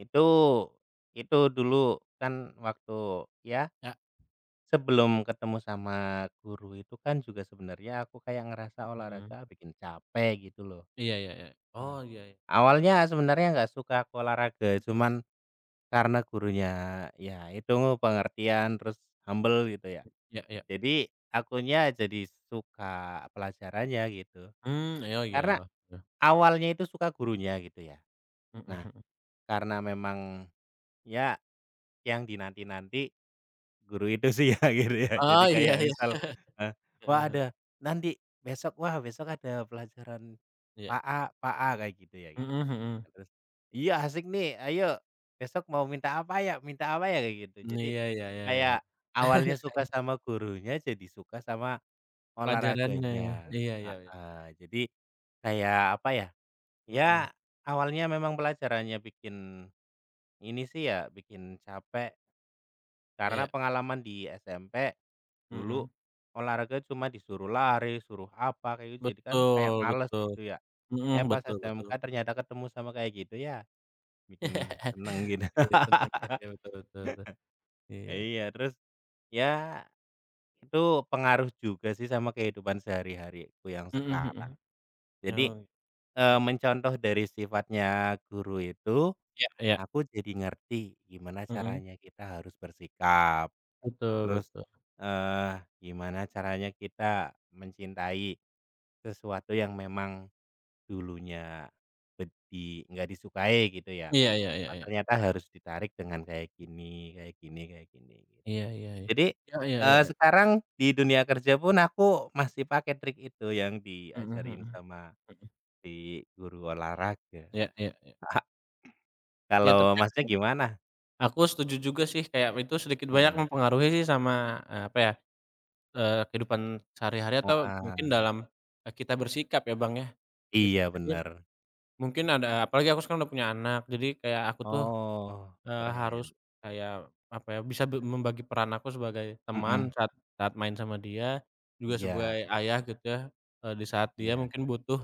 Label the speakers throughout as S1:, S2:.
S1: Itu itu dulu, kan waktu ya?
S2: Ya.
S1: Sebelum ketemu sama guru itu kan, juga, sebenarnya aku kayak ngerasa
S2: Mhm.
S1: olahraga bikin capek, gitu lo.
S2: Iya ya ya.
S1: Nah.
S2: Oh, iya.
S1: Awalnya sebenarnya nggak suka aku, olahraga.
S2: Mmm.
S1: Cuman, karena gurunya, ya itu, pengertian, terus humble, gitu ya.
S2: Ya ya.
S1: Jadi, akunya jadi suka pelajarannya, gitu.
S2: Mmm, oh iya,
S1: Karena,
S2: heeh heeh.
S1: awalnya itu suka gurunya, gitu ya.
S2: Mhm
S1: Nah,
S2: mhm.
S1: karena memang ya, yang dinanti-nanti, guru itu sih ya, gitu ya. Jadi
S2: Oh, iya
S1: kayak
S2: iya.
S1: misal, eee,
S2: Heeh
S1: "Wah,
S2: he
S1: ada nanti besok, wah, besok ada pelajaran
S2: Iya.
S1: Pak A Pak A," kayak gitu ya,
S2: Mhm
S1: gitu.
S2: mhm.
S1: Terus, "Iya, asik nih! Ayo, besok mau minta apa, ya minta apa, ya?" kayak gitu.
S2: Mmm,
S1: Jadi,
S2: iya ya ya ya.
S1: kayak awalnya suka sama gurunya, jadi suka sama
S2: Pelajarannya, ya.
S1: olahraganya.
S2: Iya ya ya.
S1: Heeh. Jadi, kayak apa, ya. Ya,
S2: Mhm.
S1: awalnya memang pelajarannya bikin ini sih ya, bikin capek.
S2: Iya.
S1: Karena pengalaman di SMP, dulu
S2: Mhm.
S1: olahraga cuma disuruh lari, suruh apa, kayak gitu. Jadi kan kayak
S2: Betul
S1: males,
S2: betul.
S1: gitu ya.
S2: Mhm,
S1: Eh, pas
S2: betul
S1: SMK,
S2: betul.
S1: ternyata ketemu sama kayak gitu. Ya, bikin senang gitu.
S2: Oke, senang ya. Ya, betul betul betul. Iya.
S1: Iya. Terus, ya itu pengaruh juga sih, sama kehidupan sehari-hariku yang
S2: Mhm
S1: sekarang.
S2: mhm.
S1: Jadi,
S2: Oh.
S1: eee,
S2: Hmm
S1: mencontoh dari sifatnya guru itu,
S2: Iya iya.
S1: aku jadi ngerti, gimana
S2: Mhm.
S1: caranya kita harus bersikap.
S2: Betul
S1: Terus,
S2: betul.
S1: eee, gimana caranya kita mencintai, sesuatu yang memang dulunya bed di nggak disukai, gitu ya.
S2: Iya ya ya
S1: Nah,
S2: ya.
S1: ternyata harus ditarik dengan kayak gini kayak gini kayak gini, gitu.
S2: Iya ya ya.
S1: Jadi,
S2: Ya ya ya
S1: eee,
S2: ya.
S1: sekarang, di dunia kerja pun, aku masih pakai trik itu, yang
S2: Mhm
S1: diajarin
S2: mhm,
S1: sama
S2: mhm.
S1: di guru olahraga.
S2: Ya ya ya. Ya tapi
S1: Kalau
S2: a
S1: Masnya
S2: heeh.
S1: gimana?
S2: Aku setuju juga, sih. Kayak, itu sedikit banyak
S1: Mhm.
S2: mempengaruhi sih, sama, e apa ya, eee, kehidupan sehari-hari atau mungkin
S1: Heeh.
S2: dalam e kita bersikap ya, Bang ya, git
S1: Iya,
S2: jadi ya,
S1: benar.
S2: mungkin ada apalagi aku sekarang udah punya anak. Jadi kayak, aku tuh,
S1: Oh,
S2: eee, harus
S1: keren.
S2: kayak, apa ya, bisa be membagi peran aku sebagai teman,
S1: Mhm.
S2: saat saat main sama dia, juga
S1: Iya.
S2: sebagai ayah, gitu ya, e di saat dia
S1: Iya.
S2: mungkin butuh,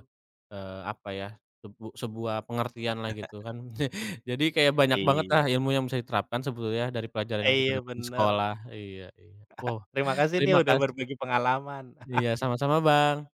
S2: eee, apa ya, sebu sebuah pengertian lah, gitu kan. Jadi, kayak banyak bangetlah
S1: Iya.
S2: ilmu yang bisa diterapkan, sebetulnya, dari pelajaran yang kita
S1: Iya,
S2: dapat di
S1: benar.
S2: sekolah. Iya iya. Wow,
S1: Terima kasih nih,
S2: terima
S1: udah
S2: kasih.
S1: berbagi pengalaman.
S2: Iya, sama-sama, Bang.